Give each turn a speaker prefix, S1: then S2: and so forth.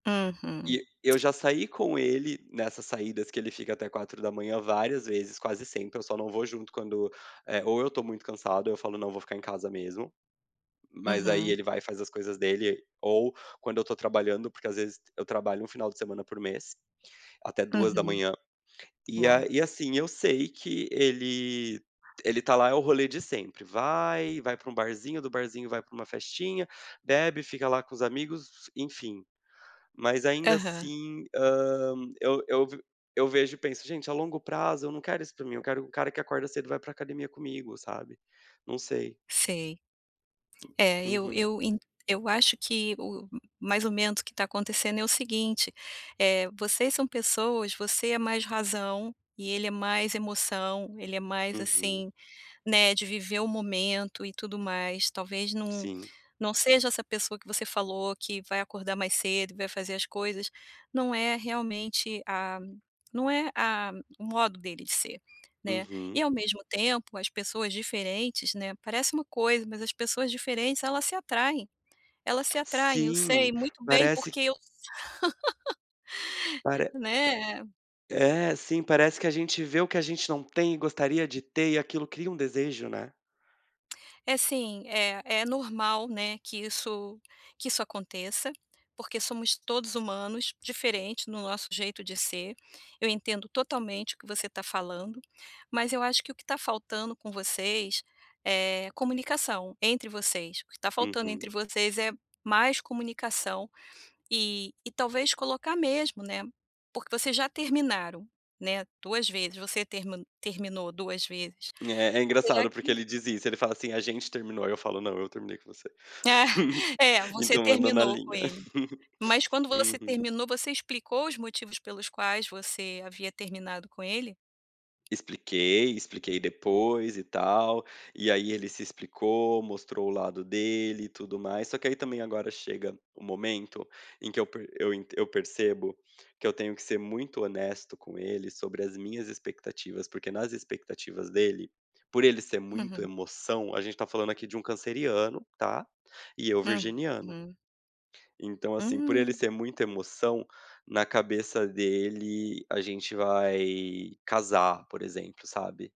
S1: Uhum.
S2: E eu já saí com ele nessas saídas que ele fica até 04:00 várias vezes, quase sempre, eu só não vou junto quando, eh, ou eu estou muito cansado ou eu falo: "Não, vou ficar em casa mesmo". Mas aí
S1: Uhum.
S2: ele vai e faz as coisas dele, ou quando eu estou trabalhando, porque, às vezes, eu trabalho um final de semana por mês, até duas da
S1: Uhum.
S2: manhã. E a
S1: Uau!
S2: e assim eu sei que ele
S1: [unintelligible]
S2: ele está lá, é o rolê de sempre, vai, vai para um barzinho, do barzinho vai para uma festinha, bebe, fica lá com os amigos, enfim. Mas ainda
S1: Aham.
S2: assim, hã, eu eu v eu vejo e penso: "Gente, a longo prazo eu não quero isso para mim, eu quero um cara que acorda cedo e vai para academia comigo", sabe. Não sei.
S1: Sei.
S2: Hum,
S1: É, eu
S2: Uhum.
S1: eu en eu acho que o mais ou menos que está acontecendo é o seguinte, eh, vocês são pessoas, você é mais razão, e ele é mais emoção, ele é mais,
S2: Uhum.
S1: assim, né, de viver o momento e tudo mais. Talvez não
S2: Sim.
S1: não seja essa pessoa que você falou que vai acordar mais cedo e vai fazer as coisas, não é realmente a não é a o modo dele de ser, né. E
S2: Uhum.
S1: ao mesmo tempo, as pessoas diferentes, né, parece uma coisa mas as pessoas diferentes elas se atraem elas se atraem, eu sei
S2: Sim,
S1: muito bem
S2: parece
S1: porque eu
S2: Pare
S1: né.
S2: É, sim, parece que a gente vê o que a gente não tem e gostaria de ter e aquilo cria um desejo, né?
S1: É sim, é é normal, né, que isso que isso aconteça, porque somos todos humanos, diferente no nosso jeito de ser, eu entendo totalmente o que você está falando, mas eu acho que o que está faltando com vocês é comunicação entre vocês, o que está faltando
S2: Uhum.
S1: entre vocês é mais comunicação e e talvez colocar mesmo, né, porque vocês já terminaram, né 2 vezes, você termi terminou 2 vezes.
S2: É, é
S1: Será
S2: engraçado porque
S1: que
S2: ele diz isso. Ele fala assim: "A gente terminou". Eu falo: "Não, eu terminei com você.
S1: É, você
S2: Então anda na
S1: terminou com
S2: linha".
S1: ele. Mas quando você
S2: Uhum.
S1: terminou, você explicou os motivos pelos quais você havia terminado com ele?
S2: Expliquei, expliquei depois e tal, e aí ele se explicou, mostrou o lado dele e tudo mais, só que aí também agora chega o momento em que eu per eu eu percebo que eu tenho que ser muito honesto com ele sobre as minhas expectativas, porque nas expectativas dele, por ele ser muito
S1: Uhum.
S2: emoção, a gente está falando aqui de um canceriano, tá, e eu virginiano.
S1: Uhum.
S2: Então, assim, por ele
S1: Hum.
S2: ser muita emoção, na cabeça dele a gente vai casar, por exemplo, sabe.